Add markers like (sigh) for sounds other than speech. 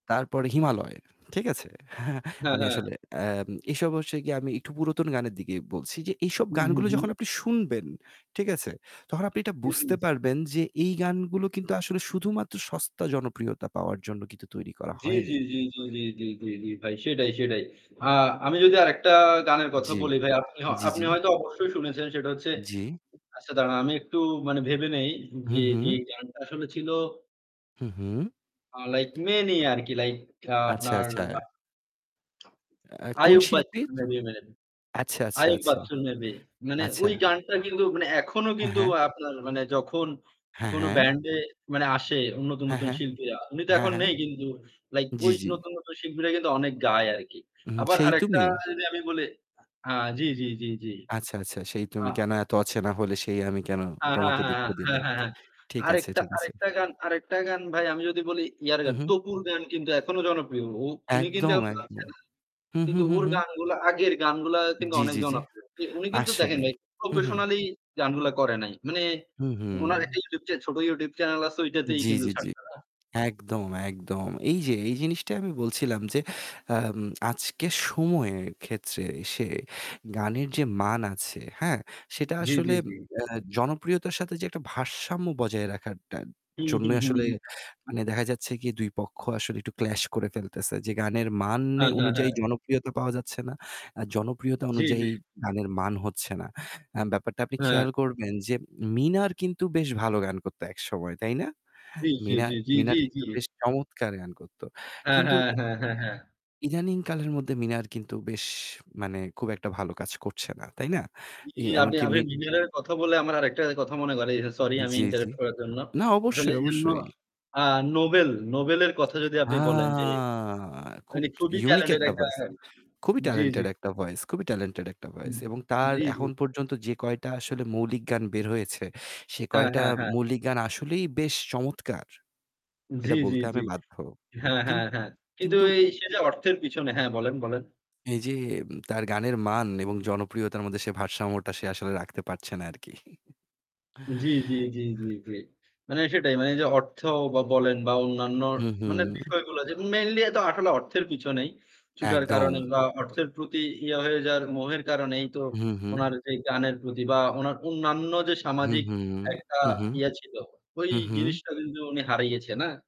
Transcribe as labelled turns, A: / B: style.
A: তারপরে 'হিমালয়।' ঠিক আছে? (chuckles)
B: হ্যাঁ,
A: আমি
B: হ্যাঁ।
A: আসলে আম এসব অবশ্য আমি একটু পুরাতন গানের দিকে বলছি যে এইসব
B: হুম, হুম,
A: গানগুলো
B: হুম।
A: যখন আপনি শুনবেন, ঠিক আছে? তখন আপনি এটা বুঝতে
B: (unintelligible)
A: পারবেন যে এই গানগুলো কিন্তু আসলে শুধুমাত্র সস্তা জনপ্রিয়তা পাওয়ার জন্য কিন্তু তৈরি করা
B: জি, জি,
A: হয়নি।
B: জি, জি, জি, জি, জি, জি, ভাই। সেটাই, সেটাই। আ আমি যদি আরেকটা গানের কথা
A: জি,
B: বলি ভাই আপনি
A: জি, জি।
B: হা হয়তো অবশ্যই শুনেছেন, সেটা হচ্ছে
A: জ্বি।
B: আচ্ছা, দাঁড়ান আমি একটু মানে ভেবে নেই যে
A: হুঁ, হুঁ।
B: যে গানটা আসলে ছিল
A: হু, হু।
B: আ লাইক মেয়ে নিয়ে আরকি লাইক আ
A: আচ্ছা,
B: আপনার
A: আচ্ছা। আ কোন
B: আইয়ুব বাচ্চুর
A: শিল্পীর?
B: (unintelligible)
A: আচ্ছা, আচ্ছা,
B: আইয়ুব
A: আচ্ছা।
B: বাচ্চুর মে বি। মানে
A: আচ্ছা।
B: ওই গানটা কিন্তু মানে এখনো
A: আ
B: কিন্তু
A: হ্যাঁ।
B: আপনার মানে যখন
A: হ্যাঁ,
B: কোনও
A: হ্যাঁ।
B: ব্যান্ডে মানে আসে নতুন,
A: হ্যাঁ,
B: নতুন
A: হ্যাঁ,
B: শিল্পীরা। উনি তো
A: হ্যাঁ,
B: এখন
A: হ্যাঁ।
B: নেই কিন্তু লাইক
A: জ্বি,
B: ওই
A: জ্বি।
B: নতু্‌ন, নতুন শিল্পীরা কিন্তু অনেক গায় আরকি।
A: হুম,
B: আবার
A: 'সেই
B: আরেকটা
A: তুমি'?
B: যদি আমি বলি আ জ্বি, জ্বি, জ্বি, জ্বি।
A: আচ্ছা, আচ্ছা। "সেই
B: আ
A: তুমি কেন এত অচেনা হলে সেই আমি কেন
B: হ্যাঁ, হ্যাঁ,
A: তোমাকে
B: হ্যাঁ,
A: দুঃখ দিলে।"
B: হ্যাঁ, হ্যাঁ, হ্যাঁ, হ্যাঁ।
A: ঠিক আছে,
B: আরেকটা
A: ঠিক আছে।
B: আরেকটা গান আরেকটা গান ভাই আমি যদি বলি ইয়ার
A: হু,
B: গান।
A: হু।
B: তপুর গান কিন্তু এখনো জনপ্রিয়। অ উনি কিন্তু
A: একদম,
B: এখন
A: একদম।
B: (unintelligible)
A: হু, হু,
B: কিন্তু
A: হু,
B: ওর
A: হুম।
B: গানগুলা, আগের গানগুলা কিন্তু
A: জ্বি,
B: অনেক
A: জ্বি, জ্বি।
B: জনপ্রিয়। কি উনি কিন্তু দেখেন
A: আসলেই
B: ভাই
A: হু, হু।
B: professionally গানগুলা করে নাই। মানে
A: হু, হু।
B: ওনার একটা YouTube চে ছোট YouTube চ্যানেল আছে। ঐটাতেই
A: জ্বি,
B: কিন্তু
A: জ্বি, জ্বি।
B: ছাড়ছে না।
A: একদম, একদম। এই যে এই জিনিসটািই আমি বলছিলাম যে আম আজকের সময়ের ক্ষেত্রে সে গানের যে মান আছে, হ্যাঁ? সেটা
B: জ্বী,
A: আসলে
B: জ্বী,
A: এম
B: জ্বী।
A: এ জনপ্রিয়তার সাথে যে একটা ভারসাম্য বজায় রাখার টা
B: হুম, হুম,
A: জন্যই
B: হুম,
A: আসলে
B: হুম।
A: মানে দেখা যাচ্ছে কি? ২ পক্ষ আসলে একটু clash করে ফেলতেছে যে গানের মান এ
B: আচ্ছা,
A: অনুযায়ী
B: হ্যাঁ।
A: জনপ্রিয়তা পাওয়া যাচ্ছে না। আ জনপ্রিয়তা
B: জ্বী,
A: অনুযায়ী
B: জ্বী।
A: গানের মান হচ্ছে না। আ ব্যাপারটা আপনি
B: হ্যাঁ।
A: খেয়াল করবেন যে মিনার কিন্তু বেশ ভালো গান করতো একসময়। তাই না?
B: জ্বী, জ্বী,
A: মিনার
B: জ্বী, জ্বী,
A: মিনার
B: জ্বী,
A: কিন্তু
B: জ্বী।
A: বেশ চমৎকার গান করতো।
B: হ্যাঁ,
A: কিন্তু
B: হ্যাঁ, হ্যাঁ, হ্যাঁ, হ্যাঁ।
A: ইদানিং কালের মধ্যে মিনার কিন্তু বেশ মানে খুব একটা ভালো কাজ করছে না। তাই না?
B: জ্বি,
A: এ
B: জ্বি, আপনি
A: এমনকি মি
B: মিনারের কথা বলে আমার আরেকটা কথা মনে করায় দিছেন। সরি আমি
A: জ্বি, জ্বি,
B: interrupt করার জন্য।
A: না।
B: আসলে
A: অবশ্যই,
B: এনও
A: অবশ্যই।
B: আ নোবেল, নোবেলের কথা যদি
A: আ
B: আপনি বলেন যে
A: খুব
B: মানে খুবই
A: unique
B: talented
A: একটা
B: একটা
A: voice। খুবই
B: জ্বি, জ্বি।
A: talented একটা ভয়েস, খুবই talented একটা
B: উম
A: voice এবং তার
B: জ্বী, জ্বী।
A: এখন পর্যন্ত যে কয়টা আসলে মৌলিক গান বের হয়েছে সে
B: হ্যাঁ,
A: কয়টা
B: হ্যাঁ, হ্যাঁ।
A: মৌলিক গান আসলেই বেশ চমৎকার।
B: জ্বি,
A: এটা
B: জ্বি,
A: বলতে
B: জ্বি।
A: আমি বাধ্য।
B: হ্যাঁ,
A: কিন
B: হ্যাঁ, হ্যাঁ। কিন্তু
A: কিন্তু
B: এ সেটা অর্থের পিছনে হ্যাঁ, বলেন, বলেন।
A: এই যে উম তার গানের মান এবং জনপ্রিয়তার মধ্যে সে ভারসাম্যটা সে আসলে রাখতে পারছে না আরকি। (chuckles)
B: জ্বি, জ্বি, জ্বি, জ্বি। মানে সেটাই। মানে যে অর্থব বলেন বা অন্যান্য
A: হু, হু।
B: মানে বিষয়গুলা mainly এ তো আসলে অর্থের পিছনেই ছুটার কারণে
A: একদম।
B: বা অর্থের প্রতি ইয়ে হয়ে যাওয়ার মোহের কারণেই তো
A: হু, হু।
B: ওনার যে গানের প্রতি বা ওনার অন্যান্য যে
A: হু,
B: সামাজিক
A: হু,
B: একটা
A: হু, হু।
B: ইয়ে ছিল ওই
A: হুঁ, হুঁ।
B: জিনিসটা কিন্তু উনি হারিয়েছে না।